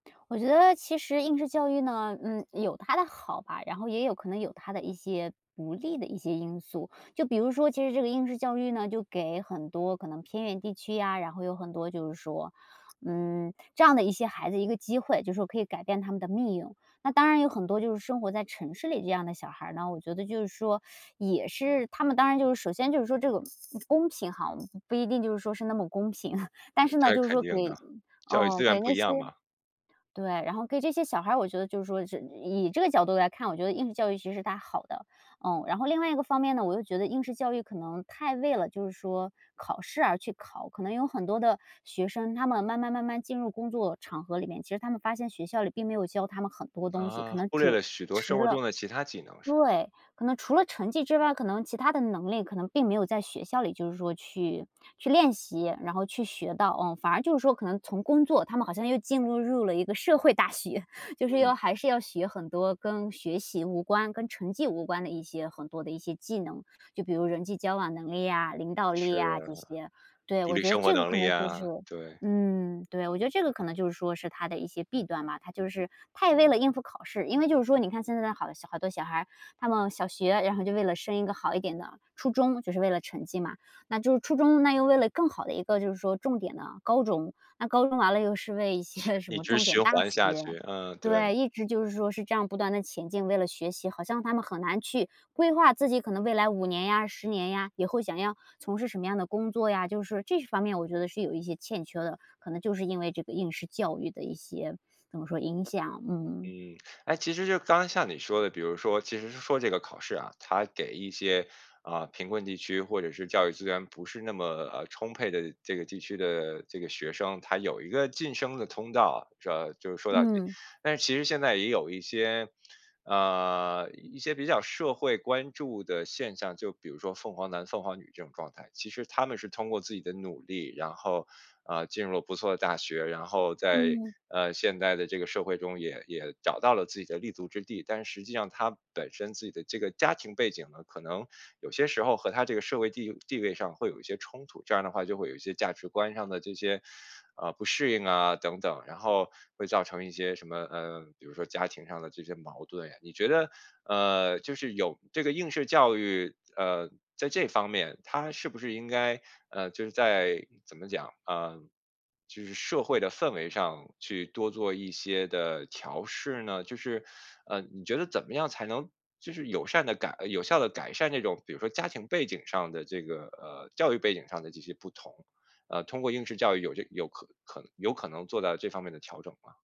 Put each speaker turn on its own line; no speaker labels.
我觉得其实应试教育呢，嗯，有它的好吧，然后也有可能有它的一些不利的一些因素。就比如说其实这个应试教育呢，就给很多可能偏远地区呀，然后有很多就是说，嗯，这样的一些孩子一个机会，就说可以改变他们的命运。那当然有很多就是生活在城市里这样的小孩儿呢，我觉得就是说 也是他们当然就是首先就是说这个公平哈，不一定就是说是那么公平。但是呢，
这
就是
肯
说
定
给
的，教育
嗯，
资源
给
不
那
一
些
样嘛。
对，然后给这些小孩儿，我觉得就是说，是以这个角度来看，我觉得应试教育其实是它好的，嗯。然后另外一个方面呢，我又觉得应试教育可能太为了就是说考试而去考。可能有很多的学生，他们慢慢慢慢进入工作场合里面，其实他们发现学校里并没有教他们很多东西，可
啊，
能
忽略
主
了许多生
迟
活
了
中的其它技能，是。
对，可能除了成绩之外，可能其它的能力可能并没有在学校里就是说去去练习，然后去学到，嗯。反而就是说可能从工作他们好像又进入入了一个社会大学，就是
嗯。
要还是要学很多跟学习无关、跟成绩无关的一些很多的一些技能。就比如人际交往能力呀、领导力
是
呀这
啊，
些。对，
独
我
立
觉得
生活
这个
能
可
力
能就是
呀，对。
嗯，对，我觉得这个可能就是说是它的一些弊端吧。它就是它也为了应付考试，因为就是说你看现在的好好多小孩儿，他们小学，然后就为了升一个好一点的初中，就是为了成绩嘛，那就是初中那又为了更好的一个就是说重点的高中，那高中完了又是为一
确
些什
一
么
直
重点
循
大
环下
学。
去，嗯，对。
对，一直就是说是这样不断地前进，为了学习，好像他们很难去规划自己可能未来5年呀、10年呀，以后想要从事什么样的工作呀，就是这一方面我觉得是有一些欠缺的，可能就是因为这个应试教育的一些怎么说？影响。嗯。
嗯，诶，其实就刚刚像你说的，比如说其实是说这个考试啊，它给一些，呃，贫困地区或者是教育资源不是那么，呃，充沛的这个地区的这个学生，他有一个晋升的通道，啊，就就说到底。
嗯。
但是其实现在也有一些呃，一些比较社会关注的现象，就比如说凤凰男、凤凰女这种状态，其实他们是通过自己的努力，然后，呃，进入了不错的大学，然后在，
嗯。
呃，现在的这个社会中也也找到了自己的立足之地。但是实际上他本身自己的这个家庭背景呢，可能有些时候和他这个社会地地位上会有一些冲突，这样儿的话就会有一些价值观上的这些，呃，不适应啊等等，然后会造成一些什么，呃，比如说家庭上的这些矛盾呀。你觉得，呃，就是有这个应试教育，呃，在这方面它是不是应该，呃，就是在怎么讲？呃，就是社会的氛围上去多做一些的调试呢？就是，呃，你觉得怎么样才能就是友善地改有效地改善这种比如说家庭背景上的这个呃，教育背景上的这些不同？呃，通过应试教育有这有可可能有可能做到这方面的调整吗？